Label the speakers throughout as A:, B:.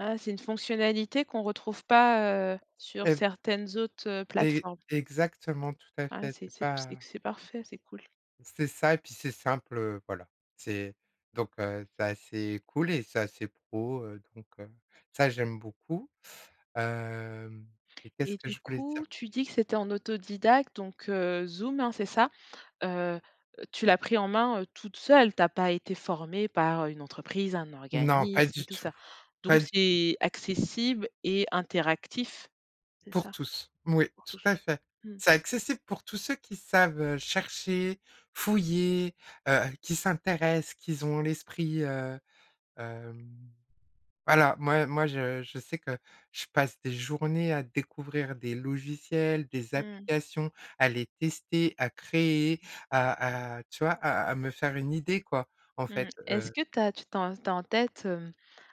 A: Ah, c'est une fonctionnalité qu'on retrouve pas, heu, sur
B: Et
A: certaines autres, heu,
B: e
A: plateformes.
B: exactement tout à
A: Ouais,
B: fait,
A: c'est
B: c'est
A: c'est p c'est
B: pas
A: c c'est parfait, c'est cool.
B: c'est ça et puis, c'est simple, heu, voilà. C'est donc heu, c'est assez cool et c'est assez pro, heu, donc, heu, ça j'aime beaucoup, hem, et qu'est-ce
A: Et
B: que
A: du
B: je voulais dire?
A: coup, tu dis que c'était en autodidacte, donc heu, Zoom, hein, c'est ça? Heu, heu, tu l'as pris en main toute seule, tu as pas été formée par une entreprise, un
B: Non, pas
A: organisme et
B: du
A: tout
B: tout,
A: ça?
B: pas
A: Donc
B: du tout.
A: c'est accessible et interactif, c'est
B: Pour
A: ça,
B: tous, moui,
A: pour
B: tout à
A: tous?
B: fait.
A: Mmh.
B: C'est accessible pour tous ceux qui savent, heu, chercher, fouiller, heu, qui s'intéressent, qui z ont l'esprit, heu, hem, voilà, moi moi, je je sais que je passe des journées à découvrir des logiciels, des
A: Mmh.
B: applications, à les tester, à créer, à à tu vois, à à me faire une idée, quoi, en
A: Mmh,
B: fait,
A: est-ce
B: heu
A: que tu as tu tu as en tu as en tête, hem,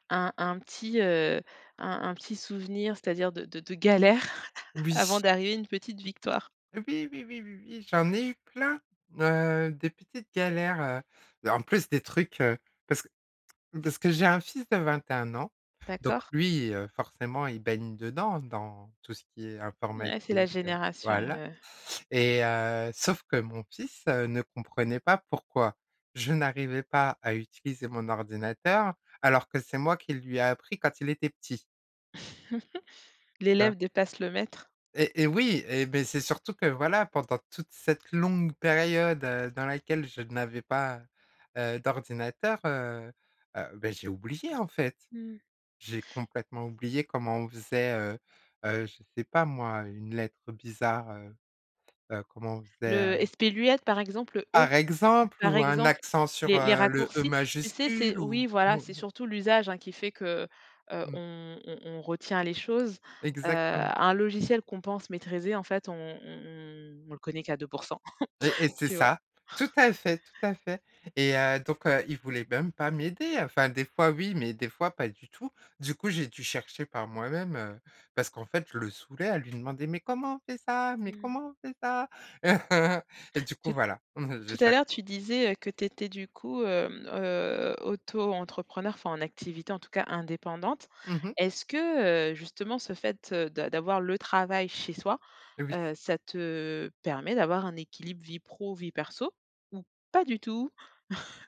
A: un un petit, heu, un un petit souvenir, c'est-à-dire de de de galère avant
B: Oui.
A: d'arriver à une petite victoire?
B: Oui, oui, oui, oui, oui, j'en ai eu plein, heu, des petites galères, heu, en plus des trucs, heu, parce que parce que j'ai un fils de 21 ans, donc
A: D'accord.
B: lui, heu, forcément, il baigne dedans, dans tout ce qui est
A: Ouais, c'est la
B: informatique,
A: génération,
B: voilà,
A: heu
B: et heu, sauf que mon fils ne comprenait pas pourquoi je n'arrivais pas à utiliser mon ordinateur alors que c'est moi qui lui ai appris quand il était petit tu vois?
A: L'élève dépasse le maître.
B: Et et oui, et beh, c'est surtout que, voilà, pendant toute cette longue période, heu, dans laquelle je n'avais pas, heu, d'ordinateur, heu, heu, beh, j'ai oublié, en fait.
A: Mmh.
B: J'ai complètement oublié comment on faisait, heu, heu, je sais pas moi, une lettre bizarre, heu, heu, comment on faisait, heu
A: Le esperluette par exemple, le e,
B: par exemple
A: par
B: ou un
A: exemple,
B: accent sur,
A: les les
B: heu, le e
A: raccourcis. Tu sais, c'est
B: majuscule ou
A: oui voilà, c'est surtout l'usage, hein, qui fait que, heu,
B: Mmh.
A: on on on retient les choses. Heu,
B: Exactement.
A: un logiciel qu'on pense maîtriser, en fait, on on on le connaît qu'à 2 %,
B: Et et c'est
A: tu vois?
B: ça, tout à fait, tout à fait. Et heu, donc, heu, il voulait même pas m'aider. Enfin, des fois, oui, mais des fois, pas du tout. Du coup, j'ai dû chercher par moi-même, heu, parce qu'en fait, je le saoulais à lui demander: «Mais comment on fait ça? Mais
A: Mmh.
B: comment on fait ça?» Et du coup,
A: Tout
B: voilà. Je
A: tout à
B: cher
A: l'heure, tu disais que tu étais, du coup, hem, heu, auto-entrepreneur, enfin en activité, en tout cas, indépendante.
B: Mmh mh.
A: Est-ce que, heu, justement, ce fait, heu, de d'avoir le travail chez soi,
B: Oui.
A: heu, ça te permet d'avoir un équilibre vie pro, vie perso ou pas du tout?